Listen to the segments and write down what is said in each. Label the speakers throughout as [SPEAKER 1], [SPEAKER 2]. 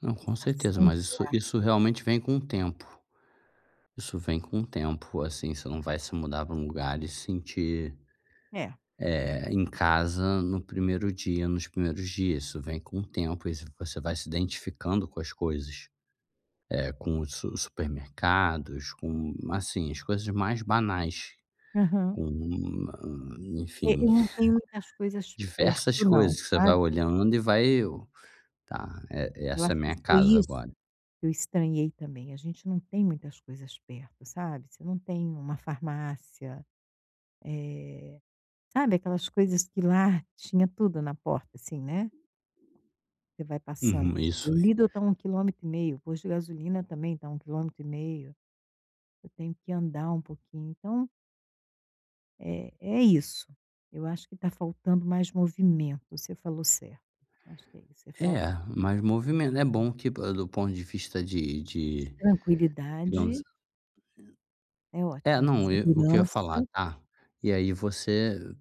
[SPEAKER 1] Não, com certeza.
[SPEAKER 2] Sensação de
[SPEAKER 1] Mas,
[SPEAKER 2] lar,
[SPEAKER 1] isso isso
[SPEAKER 2] né.
[SPEAKER 1] realmente vem com o tempo. Isso vem com o tempo. Assim, você não vai se mudar pra um lugar e sentir
[SPEAKER 2] É.
[SPEAKER 1] eh, em casa, no 1º dia, nos primeiros dias. Isso vem com o tempo e ce você vai se identificando com as coisas, eh, com os su supermercados, com assim, as coisas mais banais.
[SPEAKER 2] Aham.
[SPEAKER 1] Com
[SPEAKER 2] Eh,
[SPEAKER 1] enfim.
[SPEAKER 2] eu não tenho muitas coisas
[SPEAKER 1] Diversas
[SPEAKER 2] perto não,
[SPEAKER 1] coisas que você vai
[SPEAKER 2] sabe.
[SPEAKER 1] olhando e vai eu "Tá, e
[SPEAKER 2] Eu
[SPEAKER 1] essa
[SPEAKER 2] acho
[SPEAKER 1] é a
[SPEAKER 2] que
[SPEAKER 1] minha
[SPEAKER 2] foi
[SPEAKER 1] casa
[SPEAKER 2] isso
[SPEAKER 1] agora."
[SPEAKER 2] que eu estranhei também. A gente não tem muitas coisas perto, sabe. Você não tem uma farmácia, eh, sabe aquelas coisas que lá, tinha tudo na porta assim, né. Você vai passando
[SPEAKER 1] Uhum.
[SPEAKER 2] você vê
[SPEAKER 1] Isso
[SPEAKER 2] o
[SPEAKER 1] e
[SPEAKER 2] Lidl tá a 1 quilômetro e meio, o posto de gasolina também tá a 1 quilômetro e meio. Eu tenho que andar um pouquinho, então eh, é isso. Eu acho que tá faltando mais movimento; você falou certo. Acho que é isso. É falta
[SPEAKER 1] É,
[SPEAKER 2] de
[SPEAKER 1] mais movimento é bom, tipo, do ponto de vista de
[SPEAKER 2] de
[SPEAKER 1] de,
[SPEAKER 2] tranquilidade
[SPEAKER 1] digamos [unintelligible]
[SPEAKER 2] é
[SPEAKER 1] É,
[SPEAKER 2] ótimo de
[SPEAKER 1] não, eh o que eu ia falar,
[SPEAKER 2] segurança.
[SPEAKER 1] ah. E aí você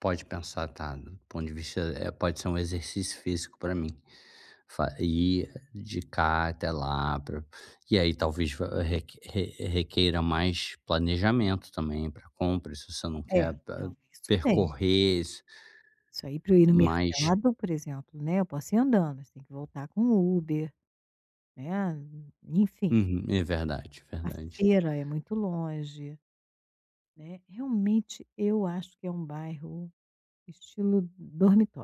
[SPEAKER 1] pode pensar, tá, do ponto de vista, eh, pode ser um exercício físico pra mim. Fa ir, de cá até lá pra e aí talvez va re re requeira mais planejamento também pra compra, se você não
[SPEAKER 2] É.
[SPEAKER 1] quer pa
[SPEAKER 2] Não, isso tem.
[SPEAKER 1] percorrer isso.
[SPEAKER 2] Isso aí pra eu ir no
[SPEAKER 1] Mas
[SPEAKER 2] mercado, por exemplo, né, eu posso ir andando. Tem que voltar com o Uber, né. E enfim.
[SPEAKER 1] Uhum. É verdade,
[SPEAKER 2] A
[SPEAKER 1] verdade.
[SPEAKER 2] feira é muito longe, né. Realmente, eu acho que é um bairro estilo dormitório.